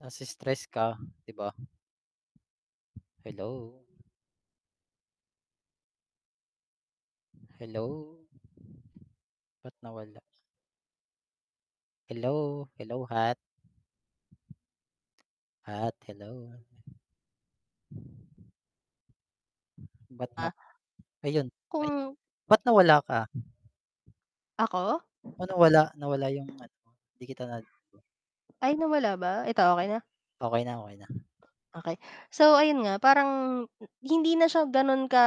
Nasi-stress ka 'di ba? Hello? Hello. Ba't nawala? Hello! Hello, Hat. Hat, hello! Ba't nap Ah ayun, ayun, Kung ba't nawala ka? Ako? Ah, nawala nawala 'yung ano mo, hindi kita nad Ay nawala ba, ito okey na? Okey na, okey na. Okey. So ayun nga parang, hindi na siya ga'non ka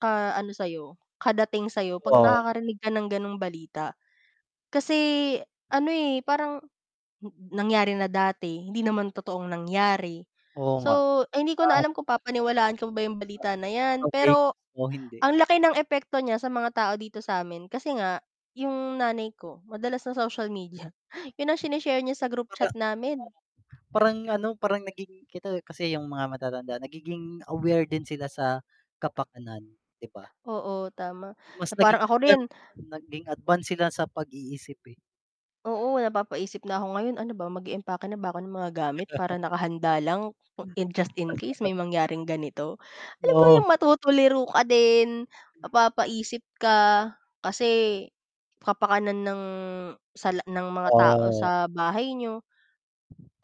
ka ano sa'yo, kadating sa'yo, 'pag Oo. nakakarinig ka ng gano'ng balita. Kasi ano, eh, parang, nangyari na dati, hindi naman totoong nangyari, Oo nga, so hindi ko na ah alam kung papaniwalaan ko pa ba 'yung Ah, balita na baka 'yan, fake pero o hindi? ang laki ng epekto niya sa mga tao dito sa'min. Kasi nga 'yung nanay ko, madalas sa social media, 'yun ang sine-share niya sa group Para chat [unintelligible] namin. parang ano, parang naging kita kasi 'yung mga matatanda nagiging, aware din sila sa kapakanan, 'di ba? Oo, tama, Mas na naging parang ako rin advance naging advance sila sa pag-iisip, eh. oo napapaisip na ako ngayon, "Ano ba mag-iimpake na ba ako ng mga gamit para nakahanda lang, Hmm. in just in case [unintelligible] may mangyaring ganito?" Alam mo Oo. 'yung matutuliro ka din, mapapaisip ka, kasi kapakanan ng sa la ng mga tao Ah. sa bahay niyo.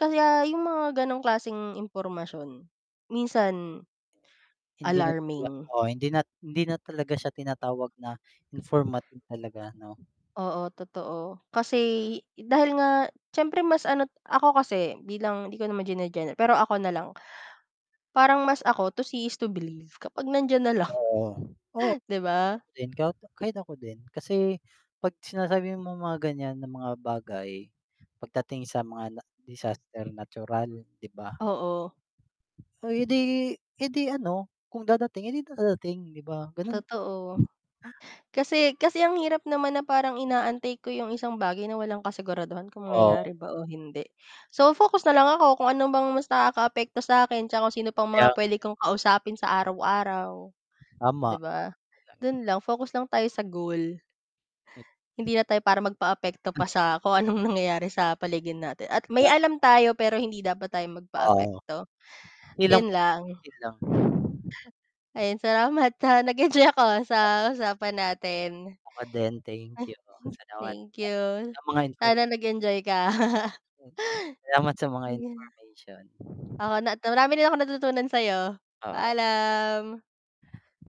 Kaya 'yung mga gano'ng klaseng impormasyon, minsan, Hindi na talaga, alarming. oo hindi nat hindi na talaga siya tinatawag na informative talaga 'no. Oo, totoo, kasi dahil nga siyempre mas ano ako kasi, bilang 'di ko naman gene-general, pero ako nalang. Parang mas ako, to see is to believe, kapag nandiyan nalang. Oo, oo, 'Di kahit ba? ako din ka kahit ako din, kasi 'pag sinasabi mong mga ganiyan na mga bagay, pagdating sa mga na disaster natural, 'di ba? Oo. Ay, eh, 'di eh, 'di ano, kung dadating, eh, 'di dadating, 'di ba, ganun Totoo, [unintelligible] kasi kasi ang hirap naman na parang inaantay ko 'yung isang bagay na walang kasiguraduhan, kung Oo. mangyayari ba o hindi. So, focus na lang ako kung ano bang mas nakakaapekto sa akin, 'tsaka kung sino pang Kaya mga nga. puwede kong kausapin sa araw-araw, 'di Tama. ba, dun lang focus lang tayo sa goal. Eh Hindi na tayo para magpa-apekto Hmm. pa sa kung anong nangyayari sa paligid natin at may Dap alam tayo pero hindi dapat tayo Oo. magpaapekto, Ilang 'yun lang. 'yon lang. Ayun, salamat sa nag-enjoy ako, ah, sa Tama. usapan natin. Ako din thank you, salamat sa Thank you, sa mga infor sana nag-enjoy ka. Hmm, salamat sa mga Ayun. information. Ako nat marami din akong natutunan sa'yo. Oo. Paalam!